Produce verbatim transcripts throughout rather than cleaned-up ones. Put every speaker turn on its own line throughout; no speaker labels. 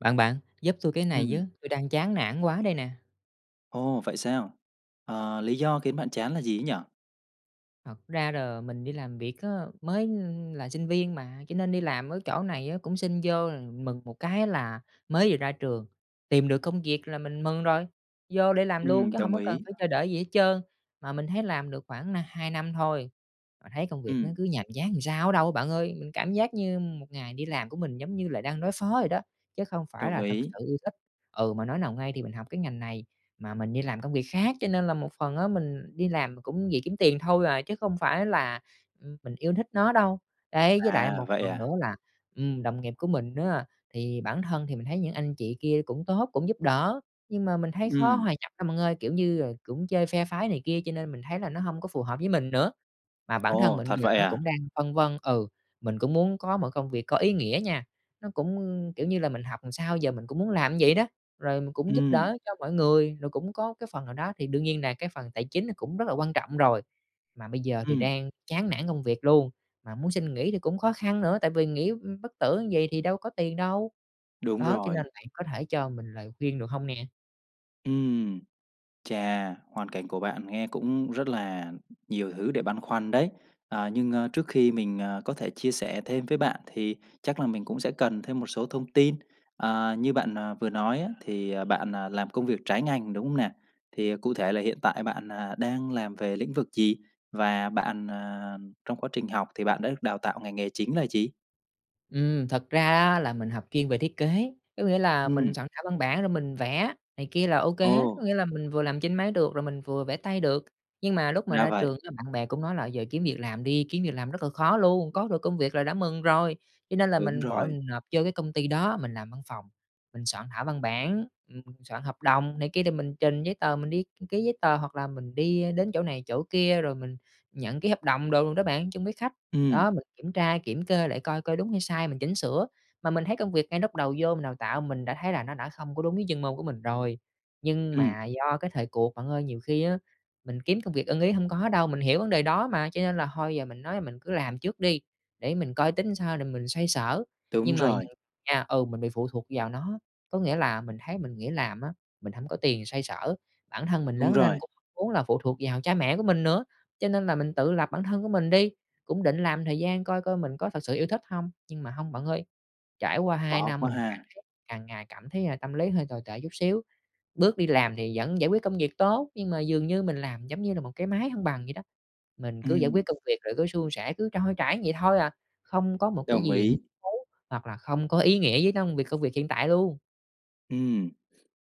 Bạn, bạn, giúp tui cái này với.
Ừm.
Tui đang chán nản quá đây nè.
Ồ, vậy sao? Ờ, lý do khiến bạn chán là gì ấy nhỉ?
Thật ra đ mình đi làm việc á, mới, ưm, là sinh viên mà cho nên đi làm ở chỗ này á cũng xin vô là mừng một cái là mới vừa ra trường, tìm được công việc là mình mừng rồi, vô để làm luôn
Ừm,
chứ hông
đồng
có cần
ý.
phải chờ đợi gì hết trơn. Mà mình thấy làm được khoảng nà hai năm thôi, mà thấy công việc nó
Ừm.
cứ nhàm chán ừn sao á đâu bạn ơi, mình cảm giác như một ngày đi làm của mình giống như là đang đối phó vậy đó, chứ không phải
Đồng
là thực
ý.
sự yêu thích. Ừ, mà nói nào ngay thì mình học cái ngành này mà mình đi làm công việc khác, cho nên là một phần á mình đi làm mà cũng vì kiếm tiền thôi à, chứ không phải là, ừm, mình yêu thích nó đâu. Đấy, với lại
À,
một
vậy
phần nữa
à?
là, ừm, đồng nghiệp của mình á, thì bản thân thì mình thấy những anh chị kia cũng tốt, cũng giúp đỡ, nhưng mà mình thấy khó
Ừm.
hòa nhập lắm bạn ơi, kiểu như, ờ, cũng chơi phe phái này kia cho nên mình thấy là nó hông có phù hợp với mình nữa. Mà bản thân
Ồ,
mình
thật
giờ
vậy
nó
à?
cũng đang phân vân ừ, mình cũng muốn có một công việc có ý nghĩa nha, nó cũng, kiểu như là, mình học ừn sao giờ mình cũng muốn làm như vậy đó. Rồi mình cũng giúp
Ừm.
đỡ cho mọi người, rồi cũng có cái phần nào đó thì đương nhiên là cái phần tài chính nó cũng rất là quan trọng rồi. Mà bây giờ thì
Ừm.
đang chán nản công việc luôn, mà muốn xin nghỉ thì cũng khó khăn nữa tại vì nghỉ, ưm, bất tử như vầy thì đâu có tiền đâu,
Đúng
đó, cho
rồi.
nên bạn có thể cho mình lời khuyên, được hông nè?
Ừm, chà, hoàn cảnh của bạn nghe cũng rất là nhiều thứ để băn khoăn đấy. À, nhưng, a, trước khi mình, à, có thể chia sẻ thêm với bạn thì chắc là mình cũng sẽ cần thêm một số thông tin. Ờ, như bạn, à, vừa nói á thì, à, bạn, à, làm công việc trái ngành, đúng không nè? Thì cụ thể là hiện tại bạn, à, đang làm về lĩnh vực gì? Và bạn, à, trong quá trình học thì bạn đã được đào tạo ngành nghề chính là gì?
Ừm, thật ra đó là mình học chuyên về thiết kế, có nghĩa là mình
Ừm.
soạn thảo văn bản rồi mình vẽ này kia là ô kê hết, có
Ồ.
nghĩa là mình vừa làm trên máy được rồi mình vừa vẽ tay được. Nhưng mà lúc mà
Ra
ra
vậy.
trường [unintelligible] bạn bè cũng nói là giờ kiếm việc làm đi, kiếm việc làm rất là khó luôn, có được công việc là đã mừng rồi. Cho nên là
Đúng
mình vội
rồi.
mình nộp vô cái công ty đó, mình làm văn phòng, mình soạn thảo văn bản, ừm, soạn hợp đồng này kia thì mình trình giấy tờ, mình đi ký giấy tờ hoặc là mình đi, ơ, đến chỗ này chỗ kia, rồi mình nhận ký hợp đồng đồ đó bạn, chung với khách,
Ừm.
đó, mình kiểm tra, kiểm kê lại coi coi đúng hay sai, mình chỉnh sửa. Mà mình thấy công việc ngay lúc đầu vô, mình đào tạo, mình đã thấy là nó đã không có đúng với chuyên môn của mình rồi. Nhưng
Ừm.
mà do cái thời cuộc bạn ơi, nhiều khi á, mình kiếm công việc ưng ý hông có đâu, mình hiểu vấn đề đó mà, cho nên là thôi giờ mình nói là mình cứ làm trước đi, để mình coi tính sao rồi mình xoay sở.
Đúng
Nhưng mà
rồi.
[unintelligible] nha, ừ, mình bị phụ thuộc vào nó, có nghĩa là mình thấy mình nghỉ làm á, mình hổng có tiền xoay sở, bản thân mình
Đúng
lớn lên
rồi.
cũng muốn là phụ thuộc vào cha mẹ của mình nữa. Cho nên là mình tự lập bản thân của mình đi, cũng định làm thời gian coi coi mình có thực sự yêu thích hông. Nhưng mà hông bạn ơi, trải qua hai
Khó
năm,
quá
mình cảm
ha.
thấy càng ngày cảm thấy, à, tâm lý hơi tồi tệ chút xíu. Bước đi làm thì vẫn giải quyết công việc tốt, nhưng mà dường như mình làm giống như là một cái máy hông bằng vậy đó. Mình cứ giải
Ừm.
quyết công việc rồi cứ suôn sẻ, cứ trôi chảy vậy thôi à, không có một cái
Đồng
gì
ý.
thú hoặc là không có ý nghĩa với nông việc công việc hiện tại luôn.
Ừm.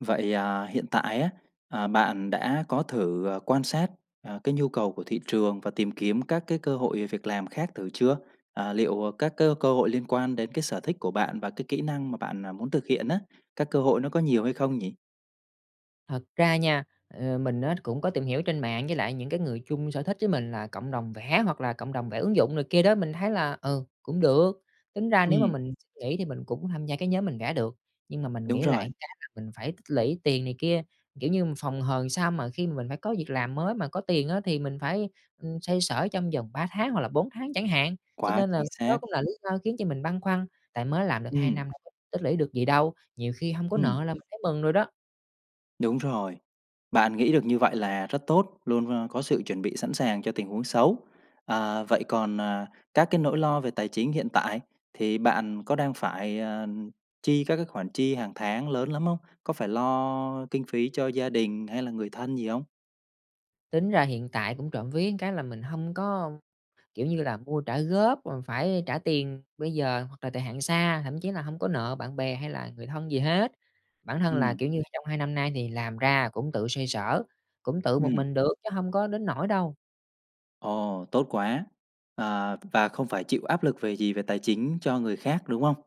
Vậy, à, hiện tại á, à, bạn đã có thử, à, quan sát, à, cái nhu cầu của thị trường và tìm kiếm các cái cơ hội, ờ, việc làm khác thử chưa? À, liệu, à, các cái cơ hội liên quan đến cái sở thích của bạn và cái kỹ năng mà bạn, à, muốn thực hiện á, các cơ hội nó có nhiều hay không nhỉ?
Thật ra nha, ờ, mình á cũng có tìm hiểu trên mạng với lại những cái người chung sở thích với mình, là cộng đồng vẽ hoặc là cộng đồng vẽ ứng dụng này kia đó, mình thấy là, ừ, cũng được. Tính ra nếu mà
Ừm.
mình xin nghỉ thì mình cũng tham gia cái nhóm mình vẽ được, nhưng mà mình
Đúng
nghĩ
rồi.
lại cái là mình phải tích lũy tiền này kia. Kiểu như, mình phòng hờ làm sao mà khi mà mình phải có việc làm mới mà có tiền á, thì mình phải, ừm, xoay sở trong vòng ba tháng hoặc là bốn tháng chẳng hạn. Cho
Quá
nên là
chính
đó
xác.
cũng là lý do khiến cho mình băn khoăn, tại mới làm được hai
Ừm.
năm [unintelligible] tích lũy được gì đâu, nhiều khi hông có
Ừm.
nợ là mình thấy mừng rồi đó.
Đúng rồi. Bạn nghĩ được như vậy là rất tốt, luôn, a, có sự chuẩn bị sẵn sàng cho tình huống xấu. Ờ, vậy còn, à, các cái nỗi lo về tài chính hiện tại, thì bạn có đang phải, à, chi các cái khoản chi hàng tháng lớn lắm không? Có phải lo kinh phí cho gia đình hay là người thân gì hông?
Tính ra hiện tại cũng trộm vía cái là mình hông có, kiểu như là, mua trả góp, rồi phải trả tiền bây giờ hoặc là thời hạn xa, thậm chí là hông có nợ bạn bè hay là người thân gì hết. Bản thân là,
Ừm.
kiểu như, trong hai năm nay thì làm ra cũng tự xoay sở, cũng tự một
Ừm.
mình được chứ hông có đến nỗi đâu.
Ồ, tốt quá! À, và không phải chịu áp lực về gì, về tài chính cho người khác, đúng không?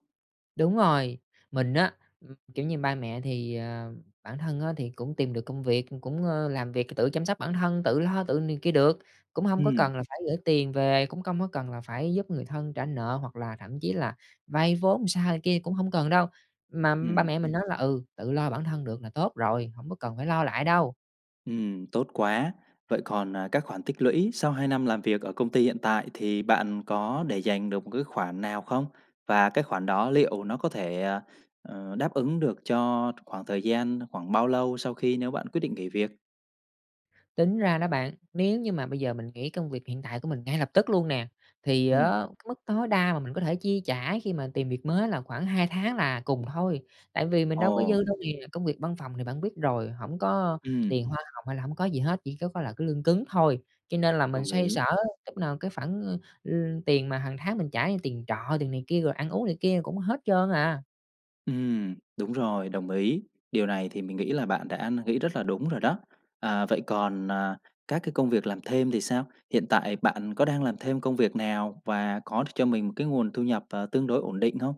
Đúng rồi. Mình á, ừm, kiểu như, ba mẹ thì, ờ bản thân á thì cũng tìm được công việc, cũng, ơ, làm việc c tự chăm sóc bản thân, tự lo, tự này kia được, cũng hông có
Ừm.
cần là phải gửi tiền về, cũng công có cần là phải giúp người thân trả nợ hoặc là thậm chí là vay vốn sao này kia cũng hổng cần đâu. Mà ba
Ừm.
mẹ mình nói là "Ừ, tự lo bản thân được là tốt rồi, hổng có cần phải lo lại đâu."
Ừm, tốt quá! Vậy còn, à, các khoản tích lũy sau hai năm làm việc ở công ty hiện tại thì bạn có để dành được một cái khoản nào không? Và cái khoản đó liệu nó có thể, ờ, ờ, đáp ứng được cho khoảng thời gian khoảng bao lâu sau khi nếu bạn quyết định nghỉ việc?
Tính ra đó bạn, nếu như mà bây giờ mình nghỉ công việc hiện tại của mình ngay lập tức luôn nè, thì á
Ừm.
cái mức tối đa mà mình có thể chi trả khi mà tìm việc mới là khoảng hai tháng là cùng thôi, tại vì mình đâu có
Ồ!
dư đâu nè. Công việc văn phòng thì bạn biết rồi, hổng có
Ừm.
tiền hoa hồng hay là hổng có gì hết, chỉ có có là cái lương cứng thôi. Cho nên là mình
Đồng
xoay
ý.
sở lúc nào cái khoản, ơ, ưm, tiền mà hằng tháng mình trả như tiền trọ, tiền này kia rồi ăn uống này kia cũng hết trơn à.
Ừm, đúng rồi, đồng ý. Điều này thì mình nghĩ là bạn đã n nghĩ rất là đúng rồi đó. À, vậy còn, à, các cái công việc làm thêm thì sao? Hiện tại bạn có đang làm thêm công việc nào và có đ cho mình một cái nguồn thu nhập, à, tương đối ổn định hông?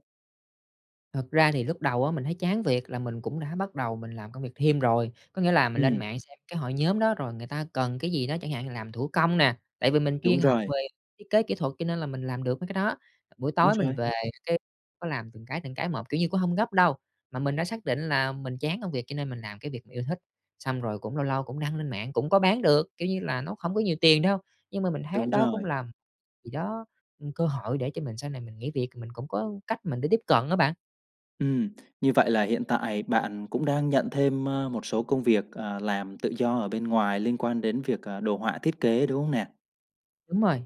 Thật ra thì lúc đầu á, mình thấy chán việc là mình cũng đã bắt đầu mình làm công việc thêm rồi. Có nghĩa là mình lên
Ừm.
mạng xem cái hội nhóm đó, rồi người ta cần cái gì đó, chẳng hạn làm thủ công nè, tại vì mình
Đúng
chuyên học
rồi.
về thiết kế kỹ thuật cho nên là mình làm được mấy cái đó. Buổi
Đúng
tối mình
rồi.
về cái, có làm từng cái, từng cái một, kiểu như, cũng hông gấp đâu, mà mình đã xác định là mình chán công việc cho nên mình làm cái việc mình yêu thích. Xong rồi cũng lâu lâu cũng đăng lên mạng, cũng có bán được, kiểu như là, nó không có nhiều tiền đâu, nhưng mà mình thấy
Đúng
đó cũng
rồi.
làm gì đó, ừm, cơ hội để cho mình sau này mình nghỉ việc mình cũng có cách mình để tiếp cận á bạn.
Ừm, như vậy là hiện tại bạn cũng đang nhận thêm, a, một số công việc, à, làm tự do ở bên ngoài liên quan đến việc, à, đồ họa thiết kế, đúng hông nè?
Đúng rồi.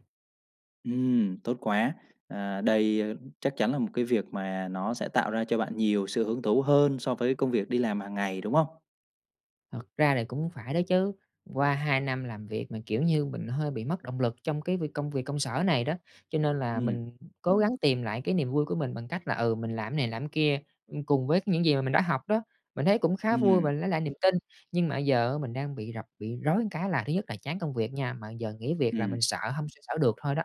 Ừm, tốt quá. À, đây, a, chắc chắn là một cái việc mà nó sẽ tạo ra cho bạn nhiều sự hứng thú hơn so với công việc đi làm hàng ngày, đúng hông?
Thật ra thì cũng phải đó chứ. Qua hai năm làm việc mà, kiểu như, mình hơi bị mất động lực trong cái việc công việc công sở này đó, cho nên là
Ừm.
mình cố gắng tìm lại cái niềm vui của mình bằng cách là, ừ, mình làm này làm kia, ưm, cùng với những gì mà mình đã học đó, mình thấy cũng khá vui
Ừm.
và lấy lại niềm tin. Nhưng mà giờ á mình đang bị rập bị rối ừn cái là thứ nhất là chán công việc nha, mà giờ nghỉ việc là
Ừm.
mình sợ hông xoay xở được thôi đó.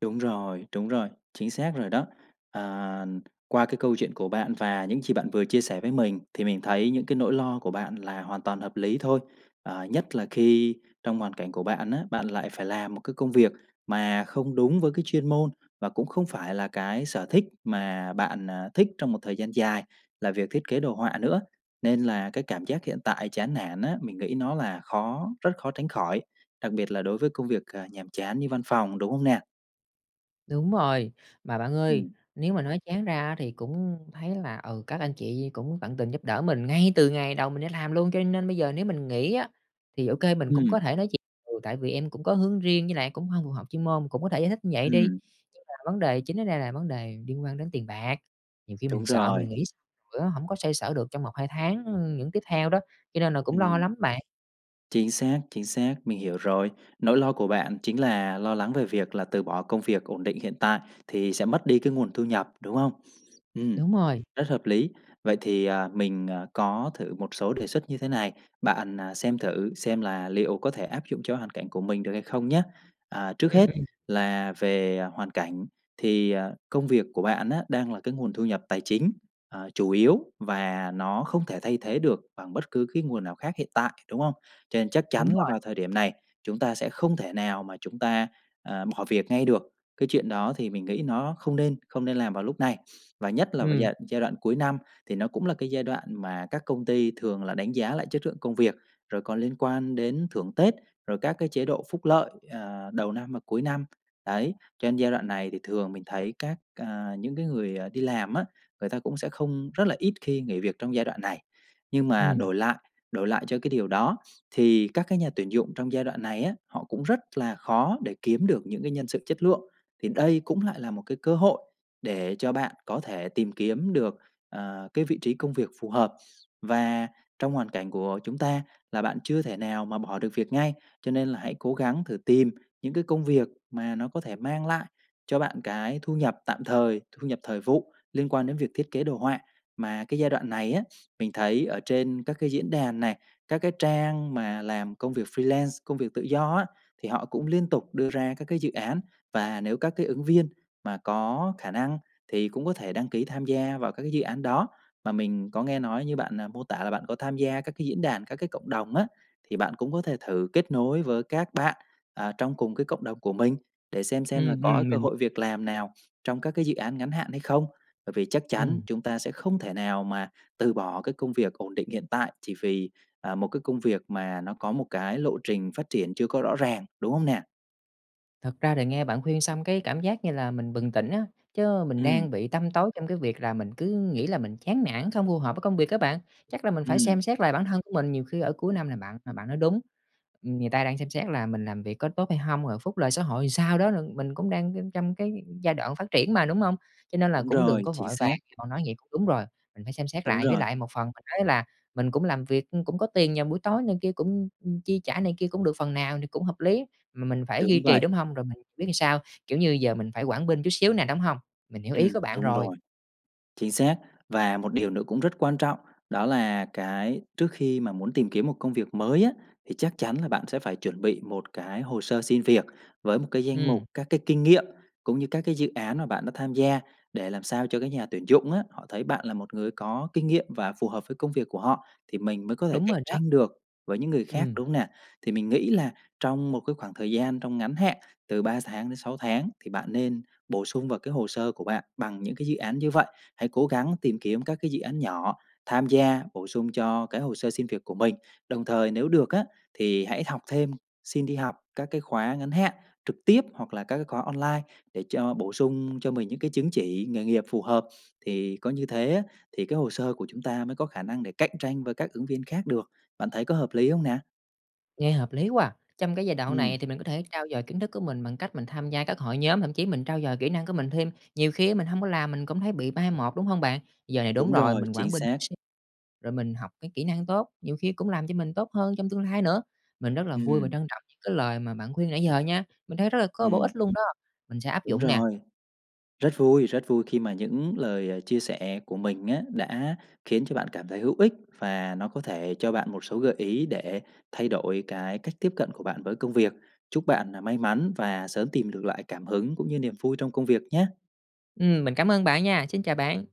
Đúng rồi, đúng rồi, chính xác rồi đó. Ờ, qua cái câu chuyện của bạn và những chì bạn vừa chia sẻ với mình, thì mình thấy những cái nỗi lo của bạn là hoàn toàn hợp lý thôi. Ờ, nhất là khi trong hoàn cảnh của bạn á, bạn lại phải làm một cái công việc mà không đúng với cái chuyên môn và cũng không phải là cái sở thích mà bạn, à, thích trong một thời gian dài là việc thiết kế đồ họa nữa. Nên là cái cảm giác hiện tại chán nản á, mình nghĩ nó là khó, rất khó tránh khỏi, đặc biệt là đối với công việc, à, nhàm chán như văn phòng, đúng hông nè?
Đúng rồi. Mà bạn ơi,
Ừm.
nếu mà nói chán ra á thì cũng thấy là, ừ, các anh chị cũng tận tình giúp đỡ mình ngay từ ngày đầu mình đi làm luôn, cho nên bây giờ nếu mình nghỉ á thì, ô kê, mình cũng có
Ừm.
thể nói chuyện: "Ừ, tại vì em cũng có hướng riêng, với lại cũng hông phù hợp chuyên môn." Cũng có thể giải thích như vậy đi.
Ừm.
Nhưng mà vấn đề chính ở đây là vấn đề liên quan đến tiền bạc, nhiều khi mình
Đúng
sợ
rồi.
mình nghỉ xong rồi á hổng có xoay sở được trong một hai tháng, ưm, những tiếp theo đó, cho nên là cũng lo
Ừm.
lắm bạn.
Chính xác, chính xác. Mình hiểu rồi. Nỗi lo của bạn chính là lo lắng về việc là từ bỏ công việc ổn định hiện tại thì sẽ mất đi cái nguồn thu nhập, đúng không? Ừm.
Đúng rồi.
Rất hợp lý. Vậy thì, à, mình, à, có thử một số đề xuất như thế này, bạn, à, xem thử xem là liệu có thể áp dụng cho hoàn cảnh của mình được hay không nhá? À, trước
Ừm,
hết
ừm.
là về hoàn cảnh thì, à, công việc của bạn á đang là cái nguồn thu nhập tài chính, ờ, chủ yếu và nó không thể thay thế được bằng bất cứ cái nguồn nào khác hiện tại, đúng không? Cho nên chắc chắn
Đúng
là
rồi.
vào thời điểm này chúng ta sẽ không thể nào mà chúng ta, ờ, bỏ việc ngay được, cái chuyện đó thì mình nghĩ nó không nên không nên làm vào lúc này. Và nhất là với
Ừm.
giai đ giai đoạn cuối năm thì nó cũng là cái giai đoạn mà các công ty thường là đánh giá lại chất lượng công việc, rồi còn liên quan đến thưởng Tết, rồi các cái chế độ phúc lợi, ờ, đầu năm và cuối năm. Đấy, cho nên giai đoạn này thì thường mình thấy các à, những cái người, à, đi làm á, người ta cũng sẽ không rất là ít khi nghỉ việc trong giai đoạn này. Nhưng mà
Ừm.
đổi lại đổi lại cho cái điều đó thì các cái nhà tuyển dụng trong giai đoạn này á, họ cũng rất là khó để kiếm được những cái nhân sự chất lượng, thì đây cũng lại là một cái cơ hội để cho bạn có thể tìm kiếm được, ờ, cái vị trí công việc phù hợp. Và trong hoàn cảnh của chúng ta là bạn chưa thể nào mà bỏ được việc ngay, cho nên là hãy cố gắng thử tìm những cái công việc mà nó có thể mang lại cho bạn cái thu nhập tạm thời, thu nhập thời vụ liên quan đến việc thiết kế đồ họa. Mà cái giai đoạn này á, mình thấy ở trên các cái diễn đàn này, các cái trang mà làm công việc freelance, công việc tự do á, thì họ cũng liên tục đưa ra các cái dự án, và nếu các cái ứng viên mà có khả năng thì cũng có thể đăng ký tham gia vào các cái dự án đó. Mà mình có nghe nói như bạn, à, mô tả là bạn có tham gia các cái diễn đàn, các cái cộng đồng á thì bạn cũng có thể thử kết nối với các bạn, à, trong cùng cái cộng đồng của mình để xem xem là
Ừm,
có
ừm,
cơ
mình
hội việc làm nào trong các cái dự án ngắn hạn hay không. Bởi vì chắc chắn
Ừm.
chúng ta sẽ không thể nào mà từ bỏ cái công việc ổn định hiện tại chỉ vì, à, một cái công việc mà nó có một cái lộ trình phát triển chưa có rõ ràng, đúng hông nè?
Thật ra thì nghe bạn khuyên xong cái cảm giác như là mình bừng tỉnh á, chớ mình
Ừm.
đang bị tăm tối trong cái việc là mình cứ nghĩ là mình chán nản, không phù hợp với công việc á bạn. Chắc là mình phải
Ừm.
xem xét lại bản thân của mình, nhiều khi ở cuối năm nè bạn, mà bạn nói đúng, ừm, người ta đang xem xét là mình làm việc có tốt hay hông, rồi phúc lợi xã hội ừn sao đó lận mình cũng đang, ư, trong cái giai đoạn phát triển mà, đúng hông? Cho nên là
Đúng
cũng đừng
rồi,
có vội
chính
vàng,
xác.
cậu nói vậy cũng đúng rồi, mình phải xem xét
Đúng
lại, với
rồi.
lại một phần mình nói là mình cũng làm việc, ưm, cũng có tiền vào buổi tối này kia cũng, ưm, ưm, chi trả này kia cũng được phần nào thì cũng hợp lý, ừm, mà mình phải duy
Đúng
trì,
vậy.
đúng hông? Rồi mình biết sao, kiểu như, giờ mình phải quản binh chút xíu nè, đúng hông? Mình hiểu ý
Ừm,
của bạn
đúng
rồi.
rồi. Chính xác và một điều nữa cũng rất quan trọng đó là cái trước khi mà muốn tìm kiếm một công việc mới á thì chắc chắn là bạn sẽ phải chuẩn bị một cái hồ sơ xin việc với một cái danh mục
Ừm.
các cái kinh nghiệm cũng như các cái dự án mà bạn đã tham gia để làm sao cho cái nhà tuyển dụng á, họ thấy bạn là một người có kinh nghiệm và phù hợp với công việc của họ thì mình mới có thể
Đúng
cạnh
rồi đó.
tranh được với những người khác,
Ừm.
đúng không nè? Thì mình nghĩ là trong một cái khoảng thời gian trong ngắn hạn từ ba tháng đến sáu tháng thì bạn nên bổ sung vào cái hồ sơ của bạn bằng những cái dự án như vậy. Hãy cố gắng tìm kiếm các cái dự án nhỏ, tham gia, bổ sung cho cái hồ sơ xin việc của mình. Đồng thời, nếu được á thì hãy học thêm, xin đi học các cái khóa ngắn hạn trực tiếp hoặc là các cái khóa online để cho bổ sung cho mình những cái chứng chỉ nghề nghiệp phù hợp, thì có như thế á thì cái hồ sơ của chúng ta mới có khả năng để cạnh tranh với các ứng viên khác được. Bạn thấy có hợp lý hông nè?
Nghe hợp lý quá à. Trong cái giai đoạn
Ừm.
này thì mình có thể trau dồi kiến thức của mình bằng cách mình tham gia các hội nhóm, thậm chí mình trau dồi kỹ năng của mình thêm. Nhiều khi á mình hông có làm, mình cũng thấy bị mai một, đúng hông bạn? Giờ này
Đúng
đúng rồi,
rồi,
mình
chính
quản binh chút
xác.
xíu rồi mình học cái kỹ năng tốt, nhiều khi cũng làm cho mình tốt hơn trong tương lai nữa. Mình rất là vui và
Ừm.
trân trọng những cái lời mà bạn khuyên nãy giờ nha. Mình thấy rất là có bổ
Ừm.
ích luôn đó. Mình sẽ áp
Đúng
dụng nè.
rồi. Rất vui rất vui khi mà những lời, ờ, chia sẻ của mình á đã khiến cho bạn cảm thấy hữu ích và nó có thể cho bạn một số gợi ý để thay đổi cái cách tiếp cận của bạn với công việc. Chúc bạn nà may mắn và sớm tìm được lại cảm hứng cũng như niềm vui trong công việc nhé.
Ừm, mình cảm ơn bạn nha, xin chào bạn.